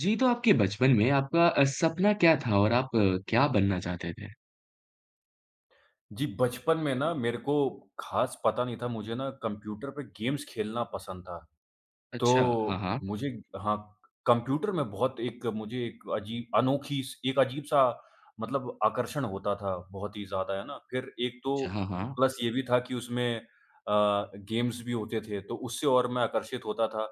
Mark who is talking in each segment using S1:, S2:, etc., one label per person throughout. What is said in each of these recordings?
S1: जी, तो आपके बचपन में आपका अ, सपना क्या था और आप क्या बनना चाहते थे?
S2: जी, बचपन में ना मेरे को खास पता नहीं था, मुझे ना कंप्यूटर पे गेम्स खेलना पसंद था।
S1: अच्छा, हाँ,
S2: तो
S1: हाँ।
S2: मुझे हाँ, कंप्यूटर में बहुत एक मुझे एक अजीब अनोखी स एक अजीब सा मतलब आकर्षण होता था बहुत ही ज़्यादा, है ना? फिर एक तो
S1: अच्छा, हाँ, हाँ।
S2: प्लस ये भी था कि उसमें अ, गेम्स भी होते थे, तो उससे और मैं आकर्षित होता था।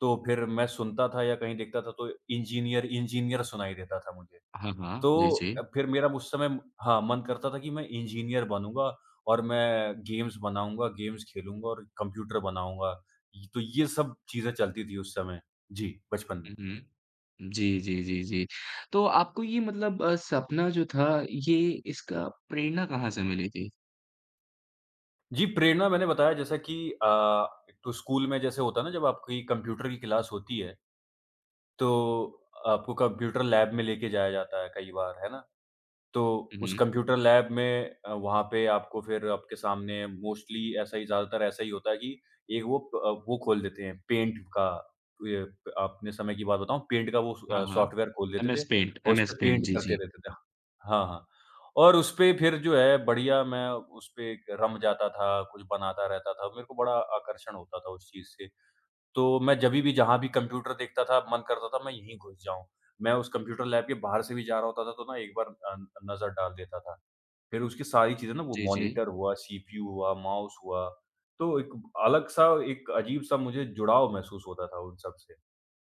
S2: तो फिर मैं सुनता था या कहीं देखता था तो इंजीनियर इंजीनियर सुनाई देता था मुझे,
S1: हाँ, हाँ, जी,
S2: तो
S1: जी।
S2: अ, फिर मेरा मु उस समय हाँ, मन करता था कि मैं इंजीनियर बनूँगा और मैं गेम्स बनाऊँगा, गेम्स खेलूँगा और कंप्यूटर बनाऊँगा, ये तो ये सब चीज़ें चलती थी उस समय, जी, बचपन में।
S1: हुँ, हुँ, जी, जी, जी, जी, तो आपको ये मतलब अ, सपना जो था, ये इसका प्रेरणा कहाँ से मिली थी?
S2: जी, प्रेरणा मैंने बताया जैसा कि अ, एक तो स्कूल में जैसे होता है ना, जब आपकी कंप्यूटर की क्लास होती है तो, आपको कंप्यूटर लैब में लेके जाया जाता है कई बार, है ना? तो
S1: हुँ,
S2: उस
S1: हुँ।
S2: कंप्यूटर लैब में अ, वहाँ पे आपको फिर आपके सामने मोस्टली ऐसा ही ज़्यादातर ऐसा ही होता है कि, एक वो अ, वो खोल देते हैं पेंट का, ये अपने समय की बात बताऊँ पेंट का वो
S1: हाँ,
S2: स
S1: हाँ।
S2: सॉफ्टवेयर खोल देते
S1: एमएस
S2: थे
S1: पेंट
S2: और उस
S1: एमएस
S2: पे
S1: पेंट,
S2: पेंट
S1: जी,
S2: करते
S1: जी।
S2: रहते थे। हाँ, हाँ, और उस पे फिर जो है बढ़िया मैं उस पे एक रम जाता था, कुछ बनाता रहता था, मेरे को बड़ा आकर्षण होता था उस चीज़ से। तो मैं जभी भी जहाँ भी कंप्यूटर देखता था, मन करता था मैं यहीं घुस जाऊँ, मैं उस कंप्यूटर लैब के बाहर से भी जा रहा होता था तो ना, एक बार अ अ, नज़र डाल देता था, फिर उसकी सारी चीज़ें ना वो
S1: जी, जी।
S2: मॉनिटर हुआ, सीपीयू हुआ, माउस हुआ, तो एक अलग सा, एक अजीब सा मुझे जुड़ाव महसूस होता था उन सब से।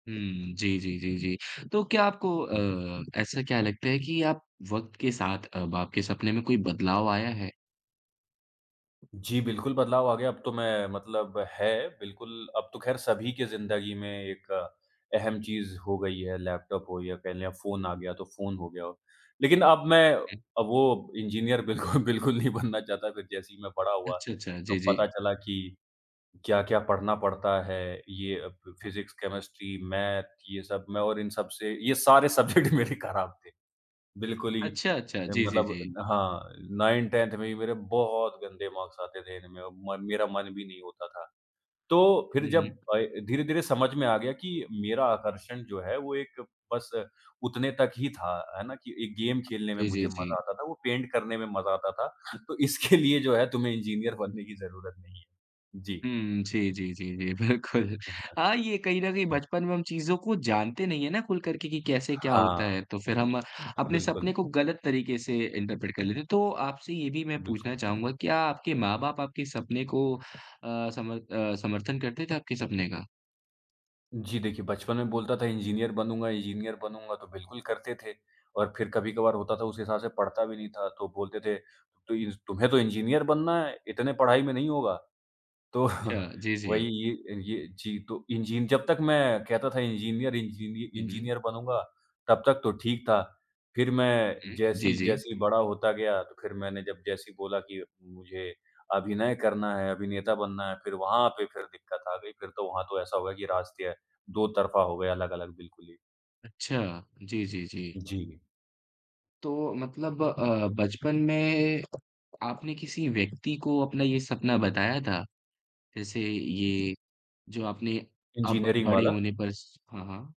S1: हुँ, जी, जी, जी, जी। तो क्या आपको अ, ऐसा क्या लगता है कि आप वक़्त के साथ अब आपके सपने में कोई बदलाव आया है?
S2: जी, बिल्कुल, बदलाव आ गया। अब तो मैं मतलब है, बिल्कुल, अब तो खैर सभी के ज़िंदगी में एक अहम चीज़ हो गई है, लैपटॉप हो या कह लें अब फ़ोन आ गया तो फ़ोन हो गया हो। लेकिन अब मैं
S1: हुँ।
S2: अब वो इंजीनियर बिल्कुल बिल्कुल नहीं बनना चाहता। फिर जैसे ही मैं बड़ा हुआ,
S1: अच्छा, अच्छा।
S2: तो
S1: जी, जी।
S2: पता चला कि क्या-क्या पढ़ना पड़ता है। ये अ, फ फिज़िक्स, केमिस्ट्री, मैथ, ये सब, मैं और इन सब से ये सारे सब्जेक्ट मेरे खराब थे बिल्कुल ही
S1: अच्छा, अच्छा।
S2: अ,
S1: जी, जी,
S2: मतलब
S1: जी।
S2: न हाँ 9, 10th में ही मेरे बहुत गंदे मार्क्स आते थे इनमें और मन मेरा मन भी नहीं होता था। तो फिर
S1: हुँ,
S2: जब
S1: हुँ।
S2: अय धीरे-धीरे समझ में आ गया कि मेरा आकर्षण जो है वो एक बस उतने तक ही था, है ना, कि एक गेम खेलने में
S1: जी, जी,
S2: मुझे
S1: जी।
S2: मज़ा आता था, वो पेंट करने में मज़ा आता था। तो इसके लिए जो है तुम्हें इंजीनियर बनने की ज़रूरत नहीं है। जी।
S1: हुँ। जी, जी, जी, जी, बिल्कुल।
S2: अच्छा।
S1: हाँ, ये कहीं न कहीं
S2: हुँ।
S1: बचपन में हम चीज़ों को जानते नहीं है ना खुल करके कि कैसे क्या होता
S2: हाँ।
S1: है, तो फिर हम अपने
S2: बिल्कुल।
S1: सपने को गलत तरीके से इन्टरप्रेट कर लेते हैं। तो आपसे ये भी मैं
S2: बिल्क
S1: पूछना चाहूँगा, क्या आपके माँ-बाप आपके सपने को अ, सम अ, समर्थन करते थे आपके सपने का?
S2: जी, देखिए, बचपन में बोलता था इंजीनियर बनूँगा, इंजीनियर बनूँगा तो बिल्कुल करते थे और फिर कभी-कभार होता था उस हिसाब से पढ़ता भी नहीं था। तो बोलते थे तो इस "तुम्हें तो इंजीनियर बनना है, इतने पढ़ाई में नहीं होगा।" तो
S1: चा जी, जी।
S2: वही ये ये जी, तो इंजीन जब तक मैं कहता था इंजीनियर, इंजीनि
S1: हुँ, हुँ।
S2: इंजीनियर बनूँगा, तब तक तो ठीक था। फिर मैं
S1: हुँ, जी,
S2: जैसी
S1: जी।
S2: जैसे बड़ा होता गया तो फिर मैंने जब जैसे ही बोला कि मुझे अभिनय करना है, अभिनेता बनना है फिर वहाँ पे फिर दिक्कत आ गई। फिर तो वहाँ तो ऐसा हो गया कि रास्ते दोतरफ़ा हो गए अलग-अलग बिल्कुल ही।
S1: अच्छा, जी, जी, जी।
S2: जी।
S1: तो मतलब अ, बचपन में आपने किसी व्यक्ति को अपना ये सपना बताया था? जैसे ये जो आपने अब
S2: इंजीनियरिंग
S1: बड़े
S2: वाला।
S1: होने पर श हाँ, हाँ।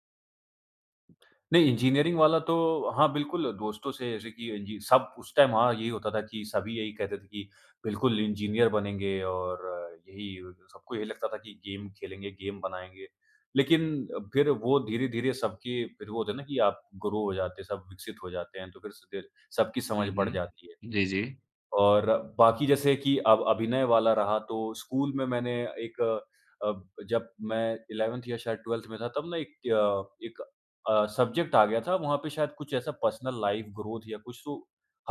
S2: नहीं इंजीनियरिंग वाला तो हाँ, बिल्कुल। दोस्तों से जैसे कि इंजी सब उस टाइम हाँ, यही होता था कि सभी यही कहते थे कि बिल्कुल इंजीनियर बनेंगे और यही सबको यही लगता था कि गेम खेलेंगे, गेम बनाएँगे। लेकिन फिर वो धीरे-धीरे सबके फिर वो होता है ना कि आप ग्रो हो जाते हैं, सब विकसित हो जाते हैं तो फिर स क सब की समझ
S1: हुँ,
S2: बढ़
S1: हुँ,
S2: जाती है
S1: जी, जी।
S2: और बाकी जैसे कि अब अभिनय वाला रहा तो स्कूल में मैंने एक अ, जब मैं 11th या शायद 12th में था तब ना एक त्य एक अ, सब्जेक्ट आ गया था। वहाँ पे शायद कुछ ऐसा पर्सनल लाइफ़ ग्रोथ या कुछ तो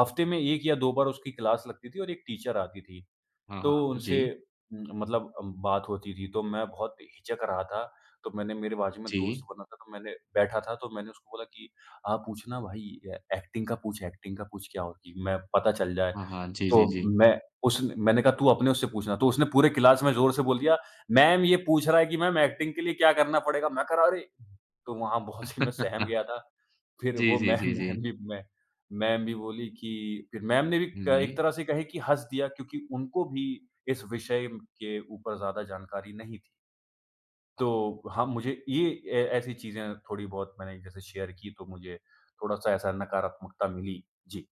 S2: हफ्ते में 1 या 2 बार उसकी क्लास लगती थी और एक टीचर आती थी।
S1: हाँ,
S2: तो
S1: हाँ,
S2: उनसे
S1: जी।
S2: उम, मतलब अम, बात होती थी तो मैं बहुत हिचक रहा था। तो मैंने मेरे बाजू में दोस्त
S1: जी।
S2: बना था तो मैंने बैठा था तो मैंने उसको बोला कि, "आप पूछना भाई ऐ ऐक्टिंग का पूछ ऐक्टिंग का पूछ क्या होती है। मैं पता चल जाए।"
S1: हाँ, हाँ, जी, जी,
S2: तो
S1: जी।
S2: मैं उसने मैंने कहा, "तू अपने उससे पूछना।" तो उसने पूरे क्लास में ज़ोर से बोल दिया, "मैम ये पूछ रहा है कि मैम ऐक्टिंग के लिए क्या करना पड़ेगा?" मैं कहा अरे! तो वहाँ बहुत से मैं सहम गया था। फिर
S1: जी,
S2: वो
S1: जी,
S2: मैम
S1: जी, जी।
S2: मैम भी मै मैम भी बोली कि फिर मैम ने भी
S1: हुँ,
S2: क एक
S1: हुँ।
S2: तरह से कहें कि हँस दिया क्योंकि उनको भी इस विषय के ऊपर ज़्यादा जानकारी नहीं थी।
S1: अ, हाँ।
S2: तो, हाँ, मुझे ये अ, ऐसी चीज़ें थोड़ी बहुत मैंने जैसे शेयर की, तो मुझे थोड़ा-सा ऐसा नकारात्मकता मिली। जी।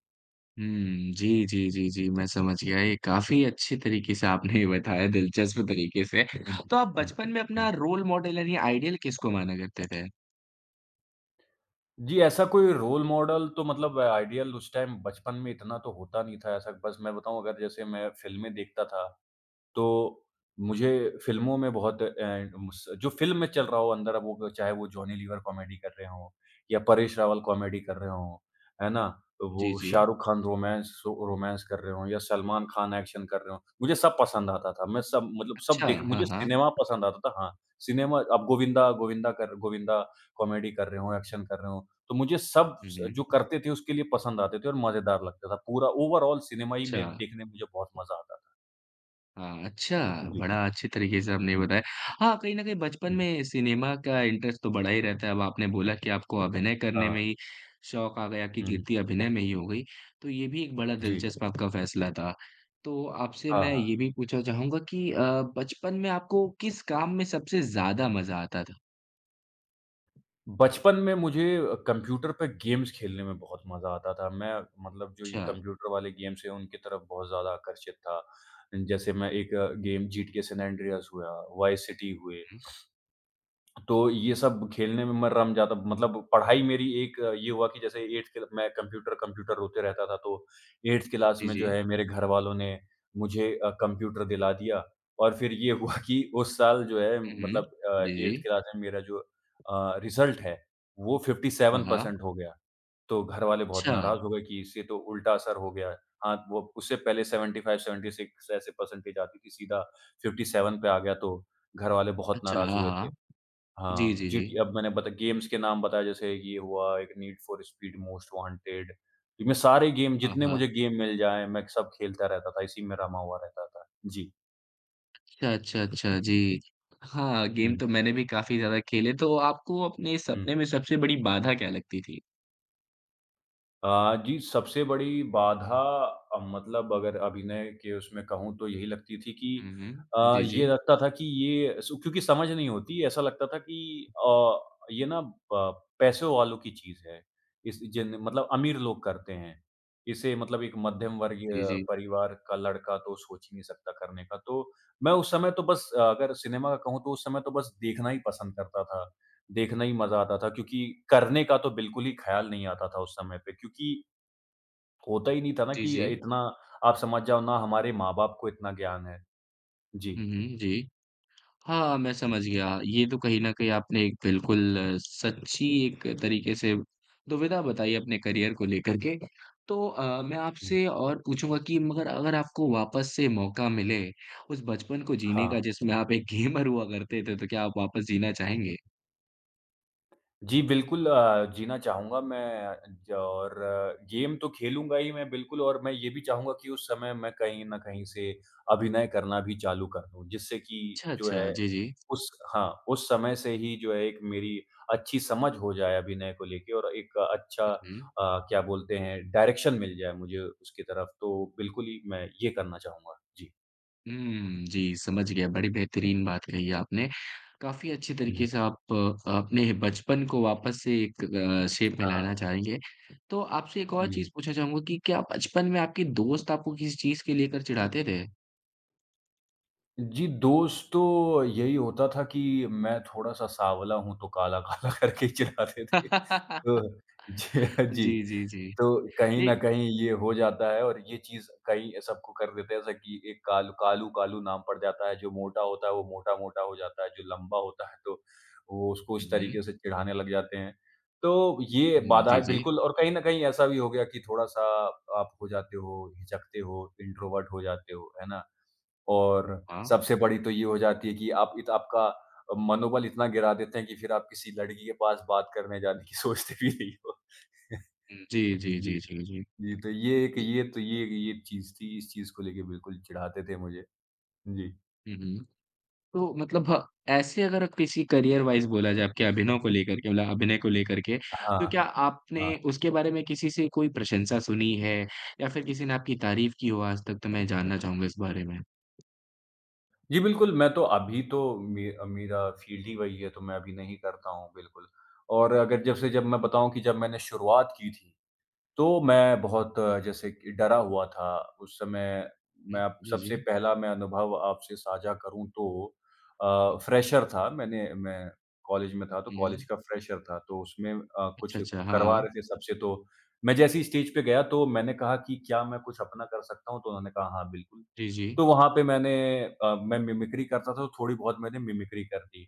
S1: हुँ। जी, जी, जी, जी मैं समझ गया। ये काफ़ी अच्छे तरीक़े से आपने ये बताया दिलचस्प तरीक़े से।
S2: हुँ,
S1: तो आप
S2: हुँ,
S1: बचपन में अपना
S2: हुँ।
S1: रोल मॉडल यानी आइडियल किसको माना करते थे?
S2: जी, ऐसा कोई रोल मॉडल तो मतलब आइडियल उस टाइम बचपन में इतना तो होता नहीं था ऐसा, बस मैं बताऊँ अगर जैसे मैं फ़िल्में देखता था, तो मुझे फ़िल्मों में बहुत अ, इन उस जो फ़िल्म में चल रहा हो अंदर अब वो चाहे वो जॉनी लीवर कॉमेडी कर रहे हों या परेश रावल कॉमेडी कर रहे हों। है ना? तो
S1: जी,
S2: वो शाह
S1: जी।
S2: रुख खान रोमांस, स रोमांस कर रहे हों या सलमान खान एक्शन कर रहे हों, मुझे सब पसंद आता था। मैं सब मतलब सब
S1: अच्छा,
S2: देख
S1: हाँ,
S2: मुझे
S1: हाँ।
S2: सिनेमा पसंद आता था हाँ, सिनेमा अब गोविंदा गोविंदा कर गोविंदा कॉमेडी कर रहे हों, एक्शन कर रहे हों, तो मुझे सब
S1: हुँ,
S2: स जो
S1: हुँ।
S2: करते थे उसके लिए पसंद आते थे और मज़ेदार लगता था। पूरा ओवरआल सिनेमा ही में
S1: अच्छा।
S2: देखने में मुझे बहुत मज़ा आता था।
S1: हाँ, अच्छा,
S2: जी।
S1: बड़ा अच्छे तरीक़े से आपने ये
S2: हुँ।
S1: बताया। हाँ, कहीं न कहीं बचपन
S2: हुँ।
S1: में सिनेमा का इंटरेस्ट तो बड़ा ही रहता है, अब आपने बोला कि आपको अभिनय करने
S2: हाँ।
S1: में ही शौक़ आ गया, कि
S2: हुँ, हुँ।
S1: कीर्ति अभिनय में ही हो गई, तो ये भी एक बड़ा
S2: जी।
S1: दिलचस्प आपका फ़ैसला था। तो आपसे
S2: हाँ,
S1: मैं
S2: हाँ।
S1: ये भी पूछना चाहूँगा कि अ, बचपन में आपको किस काम में सबसे ज़्यादा मज़ा आता था?
S2: बचपन में मुझे अ, कंप्यूटर पे गेम्स खेलने में बहुत मज़ा आता था। मैं मतलब जो ये
S1: अच्छा।
S2: कंप्यूटर वाले गेम्स हैं, उनकी तरफ बहुत ज़्यादा आकर्षित था। जैसे मैं एक अ, गेम जीटीए सैन एंड्रीआस हुआ, वाईस सिटी हुए।
S1: हुँ।
S2: तो ये सब खेलने में मैं रम जाता मतलब पढ़ाई मेरी एक अ, ये हुआ कि जैसे 8th क्ल मैं कंप्यूटर-कंप्यूटर रोते रहता था, तो 8th क्लास
S1: जी,
S2: में जो
S1: जी।
S2: है मेरे घर वालों ने मुझे अ, कंप्यूटर दिला दिया। और फिर ये हुआ कि उस साल जो है
S1: हुँ, हुँ।
S2: मतलब अ,
S1: जी,
S2: 8th
S1: जी।
S2: क्लास में मेरा जो अ, रिज़ल्ट है, वो फिफ्टी
S1: हाँ,
S2: सेवन
S1: हाँ।
S2: परसेंट हो गया। तो घरवाले बहुत
S1: अच्छा।
S2: नाराज़ हो गए कि इससे तो उल्टा असर हो गया है। हाँ, वो उससे पहले 75-76 ऐसे परसेंटेज आती थी, सीधा 57 पे आ गया, तो घरवाले बहुत
S1: अच्छा,
S2: नाराज़
S1: हाँ,
S2: हुए थे।
S1: हाँ। जी,
S2: हाँ,
S1: जी, जी।
S2: जीटीए अब मैंने बता गेम्स के नाम बताए, जैसे ये हुआ एक, need for speed most wanted. इ मैं सारे गेम,
S1: हाँ,
S2: जितने
S1: हाँ।
S2: मुझे गेम मिल जाएँ, मैं सब खेलता रहता था। इसी में रमा हुआ रहता था। जी।
S1: अच्छा, अच्छा, अच्छा, जी। हाँ, गेम
S2: हुँ।
S1: तो मैंने भी काफ़ी ज़्यादा खेले। तो आपको अपने
S2: हुँ।
S1: सपने में सबसे बड़ी बाधा क्या लगती थी?
S2: अ, जी, सबसे बड़ी बाधा अ, मतलब अगर अभिनय के उसमें कहूँ तो यही लगती थी कि
S1: हुँ, हुँ।
S2: अ,
S1: जी,
S2: ये
S1: जी।
S2: लगता था कि ये सु क्योंकि समझ नहीं होती, ऐसा लगता था कि अ, ये ना प पैसों वालों की चीज़ है। इस जेन मतलब अमीर लोग करते हैं, इसे मतलब एक मध्यमवर्गीय
S1: जी, जी।
S2: परिवार का लड़का तो सोच ही नहीं सकता करने का, तो मैं उस समय तो बस अगर सिनेमा का कहूँ, तो उस समय तो बस देखना ही पसंद करता था। देखना ही
S1: हाँ,
S2: मज़ा
S1: हाँ।
S2: आता था, क्योंकि करने का तो बिल्कुल ही ख्याल नहीं आता था उस समय पे, क्योंकि होता ही नहीं था ना
S1: जी,
S2: कि अ,
S1: जी।
S2: इतना आप समझ जाओ ना हमारे माँ-बाप को इतना ज्ञान है। जी।
S1: हुँ, हुँ, जी। हाँ, मैं समझ गया, ये तो कहीं न कहीं आपने एक बिल्कुल सच्ची एक तरीके से दुविधा बताई अपने करियर को लेकर के। तो अ, मैं
S2: हुँ।
S1: आपसे और पूछूँगा कि मगर अगर आपको वापस से मौका मिले, उस बचपन को जीने का
S2: हाँ।
S1: जिसमें आप एक गेमर हुआ करते थे, तो क्या आप वापस जीना चाहेंगे?
S2: जी, बिल्कुल अ, जीना चाहूँगा मैं ज और गेम तो खेलूँगा ही मैं बिल्कुल और मैं ये भी चाहूँगा कि उस समय मैं कहीं न कहीं से अभिनय करना भी चालू कर दूँ। जिससे कि
S1: अच्छा,
S2: जो है
S1: अच्छा। जी, जी।
S2: उस हाँ, उस समय से ही जो है एक मेरी अच्छी समझ हो जाए अभिनय को लेके और एक अच्छा
S1: हुँ, हुँ।
S2: अ, क्या बोलते हैं डायरेक्शन मिल जाए मुझे उसकी तरफ, तो बिल्कुल ही मैं ये करना चाहूँगा। जी।
S1: हुँ, जी। समझ गया, बड़ी बेहतरीन बात कही आपने। काफ़ी अच्छे
S2: हुँ।
S1: तरीके से आप अपने बचपन को वापस से एक अ, शेप में
S2: हाँ।
S1: लाना चाहेंगे। तो आपसे एक और
S2: जी।
S1: चीज़ पूछना चाहूँगा कि क्या बचपन में आपके दोस्त आपको किसी चीज़ के लेकर चिढ़ाते थे?
S2: जी, दोस्त तो यही होता था कि मैं थोड़ा-सा साँवला हूँ, तो काला-काला करके ही चिढ़ाते थे, तो ज जी।
S1: जी, जी, जी।
S2: तो कहीं
S1: नहीं
S2: न कहीं ये हो जाता है और ये चीज़ कहीं सबको कर देते हैं, ऐसा कि एक कालू कालू कालू नाम पड़ जाता है, जो मोटा होता है वो मोटा-मोटा हो जाता है, जो लंबा होता है तो वो उसको
S1: हुँ,
S2: इस
S1: हुँ।
S2: तरीके से चिढ़ाने लग जाते हैं। तो ये
S1: हुँ, जी,
S2: बाधाएँ
S1: जी।
S2: बिल्कुल और कहीं न कहीं ऐसा भी हो गया कि थोड़ा-सा आप हो जाते हो, हिचकते हो, इंट्रोवर्ट हो जाते हो, है ना? और
S1: हाँ।
S2: सबसे बड़ी तो ये हो जाती है कि आप इत आपका अ, मनोबल इतना गिरा देते हैं कि फिर आप किसी लड़की के पास बात करने जाने की सोचते भी नहीं हो।
S1: हुँ, जी, जी,
S2: जी।
S1: जी, जी, जी।
S2: जी, तो ये एक
S1: जी।
S2: ये तो ये ये एक चीज़ थी, इस चीज़ को लेके बिल्कुल चिढ़ाते थे मुझे। हुँ, जी।
S1: हुँ, हुँ। तो मतलब हाँ ऐसे अगर अब किसी करियर वाइज़ बोला जाए आपके अभिनव को लेकर के मतलब अभिनय को लेकर के,
S2: अ,
S1: तो क्या
S2: हाँ। हाँ।
S1: आपने उसके बारे में किसी से कोई प्रशंसा सुनी है? या फ़िर किसी ने आपकी तारीफ़ की हो आज तक तो मैं जानना चाहूँगा इस बारे में?
S2: जी बिल्कुल। मैं तो अभी तो मे मेरा फ़ील्ड ही वही है तो मैं अभी नहीं करता हूँ बिल्कुल। और अगर जैसे जब मैं बताऊँ कि जब मैंने शुरुआत की थी, तो मैं बहुत जैसे कि डरा हुआ था। उस समय मैं
S1: जी।
S2: अब
S1: जी,
S2: सबसे
S1: जी।
S2: पहला मैं अनुभव आपसे साझा करूँ तो अ, फ्रेशर था, मैंने मैं कॉलेज में था, तो
S1: हुँ,
S2: कॉलेज
S1: हुँ।
S2: का फ्रेशर था। तो उसमें अ,
S1: अच्छा,
S2: कुछ
S1: अच्छा। हाँ,
S2: करवा
S1: हाँ।
S2: रहे थे सबसे तो मैं जैसे ही स्टेज पे गया तो मैंने कहा कि, "क्या मैं कुछ अपना कर सकता हूँ?" तो उन्होंने कहा। "हाँ, बिल्कुल।"
S1: जी, जी।
S2: तो वहाँ पे मैंने अ, मैं मिमिक्री करता था तो थोड़ी बहुत मैंने मिमिक्री कर दी।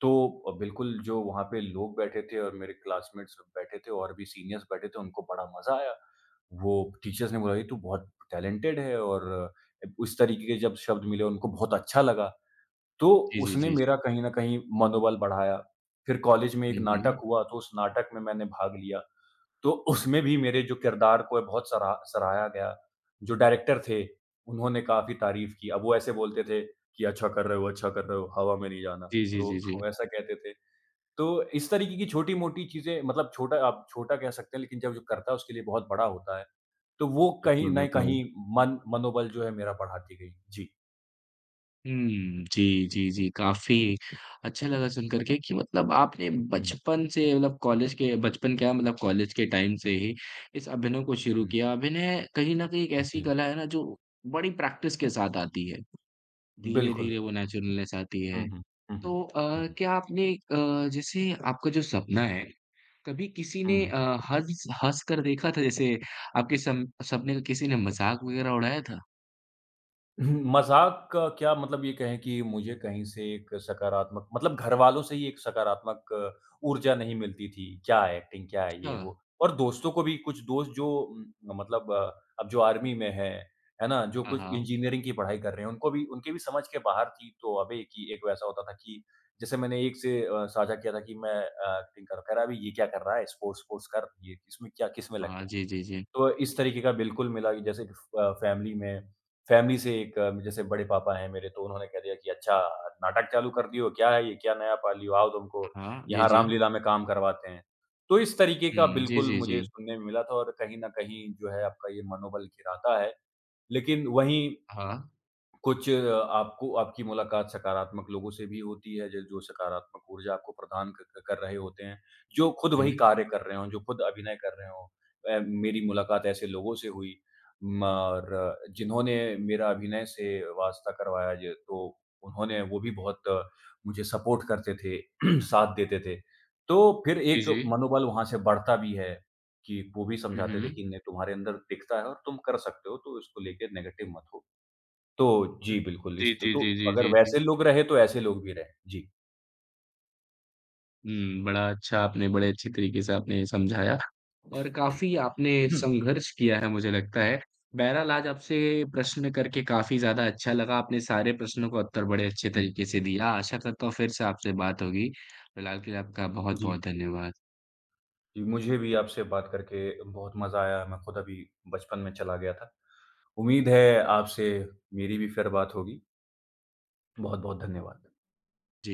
S2: तो अ, बिल्कुल जो वहाँ पे लोग बैठे थे और मेरे क्लास्मेट्स सब बैठे थे और भी सिनियरर्स बैठे थे, उनको बड़ा मज़ा आया। वो टीचर्स ने बोला कि, "तू बहुत टैलेंटेड है।" और उस तरीक़े के जब शब्द मिले उनको बहुत अच्छा लगा। तो
S1: जी, जी,
S2: उसने
S1: जी।
S2: मेरा कहीं न कहीं मनोबल बढ़ाया फ़िर कॉलेज में एक
S1: हुँ,
S2: नाटक
S1: हुँ।
S2: हुआ तो उस नाटक में मैंने भाग लिया। तो उसमें भी मेरे जो किरदार को बहुत सरा सराहा गया। जो डायरेक्टर थे उन्होंने काफ़ी तारीफ़ की अब वो ऐसे बोलते थे कि, "अच्छा कर रहे हो अच्छा कर रहे हो।" हवा में नहीं जाना।
S1: जी, जी,
S2: तो
S1: जी,
S2: वो
S1: जी।
S2: ऐसा कहते थे तो इस तरीक़े की छोटी-मोटी चीज़ें मतलब छोटा आप छोटा कह सकते हैं लेक़िन जब जो करता है उसके लिए बहुत बड़ा होता है। तो वो कहीं
S1: बिल्कुल,
S2: न
S1: बिल्कुल।
S2: कहीं मन मनोबल जो है मेरा बढ़ाती गई। जी।
S1: हुँ, जी, जी, जी। काफ़ी अच्छा लगा सुनकर के कि मतलब आपने
S2: हुँ।
S1: बचपन से मतलब कॉलेज के बचपन क्या मतलब कॉलेज के टाइम से ही इस अभिनय को शुरू
S2: हुँ, हुँ।
S1: किया। अभिनय कहीं न कहीं एक ऐसी
S2: जी।
S1: कला है ना जो बड़ी प्रैक्टिस के साथ आती है।
S2: बिल्कुल।
S1: धीरे-धीरे वो नैचुरलनेस आती
S2: हुँ,
S1: है।
S2: हुँ। हुँ, हुँ।
S1: तो
S2: हुँ,
S1: अ,
S2: हुँ।
S1: क्या आपने क जैसे आपका जो सपना है कभी किसी ने अ,
S2: हुँ।
S1: हँस-हँस कर देखा था जैसे आपके सम सपने का किसी ने मज़ाक वगैरह उड़ाया था?
S2: हुँ, मज़ाक का क्या मतलब ये कहें कि मुझे कहीं से एक सकारात्मक मतलब घर वालों से ही एक सकारात्मक ऊर्जा नहीं मिलती थी। क्या है, एक्टिंग क्या है?
S1: अच्छा।
S2: ये वो। और दोस्तों को भी कुछ दोस्त जो म मतलब अ, अब जो आर्मी में है, है ना जो
S1: हाँ।
S2: कुछ
S1: हाँ।
S2: इंजीनियरिंग की पढ़ाई कर रहे हैं उनको भी उनके भी समझ के बाहर थी। तो अबे कि एक वैसा होता था कि जैसे मैंने एक से अ, साझा किया था कि, "मैं अ, एक्टिंग कर कह रहा अभी ये क्या कर रहा है स्पोर्ट्स -वोरट्स कर।" ये इसमें क्या, किसमें लग
S1: हाँ,
S2: गया।
S1: जी, जी, जी।
S2: तो इस तरीके का बिल्कुल मिला कि जैसे फ़ अ, फ़ैमिली में फ़ैमिली से एक जैसे बड़े पापा हैं मेरे तो उन्होंने कह दिया कि "अच्छा नाटक चालू कर दिए हो। क्या है ये? क्या नया पाल लिए हो? आओ तुमको
S1: हाँ, जी,
S2: यहाँ
S1: जी।
S2: रामलीला में काम करवाते हैं।" तो इस तरीके का
S1: हुँ, जी,
S2: बिल्कुल
S1: जी,
S2: मुझे
S1: जी।
S2: सुनने में मिला था और कहीं न कहीं जो है आपका ये मनोबल गिराता है। लेकिन वहीं,
S1: हाँ।
S2: कुछ आपको आपकी मुलाकात सकारात्मक लोगों से भी होती है ज जो सकारात्मक ऊर्जा आपको प्रदान क कर रहे होते हैं। जो खुद वही
S1: हुँ।
S2: कार्य कर रहे हों, जो खुद अभिनय कर रहे हों। अ, मेरी मुलाकात ऐसे लोगों से हुई म र जिन्होंने मेरा अभिनय से वास्ता करवाया ज तो उन्होंने वो भी बहुत मुझे सपोर्ट करते थे, साथ देते थे। तो फिर
S1: जी,
S2: एक
S1: जी।
S2: मनोबल वहाँ से बढ़ता भी है कि वो भी
S1: हुँ,
S2: समझाते थे
S1: हुँ।
S2: कि नहीं तुम्हारे अंदर दिखता है और तुम कर सकते हो तो इसको लेके नेगेटिव मत हो। तो
S1: हुँ।
S2: जी, बिल्कुल।
S1: जी,
S2: इस त
S1: जी,
S2: तो
S1: जी, जी,
S2: अगर
S1: जी, जी।
S2: वैसे लोग रहे, तो ऐसे लोग भी रहे। जी।
S1: हुँ। बड़ा अच्छा आपने, बड़े अच्छे तरीके से आपने समझाया। और काफ़ी आपने संघर्ष किया है मुझे लगता है। बहरहाल आज आपसे प्रश्न करके काफ़ी ज़्यादा अच्छा लगा, आपने सारे प्रश्नों का उत्तर बड़े अच्छे तरीके से दिया। आशा करता हूँ फिर से आपसे बात होगी। फिलहाल के लिए आपका
S2: जी।
S1: बहुत-बहुत धन्यवाद।
S2: जी, मुझे भी आपसे बात करके बहुत मज़ा आया। मैं खुद अभी बचपन में चला गया था। उम्मीद है आपसे मेरी भी फिर बात होगी। बहुत-बहुत धन्यवाद।
S1: जी।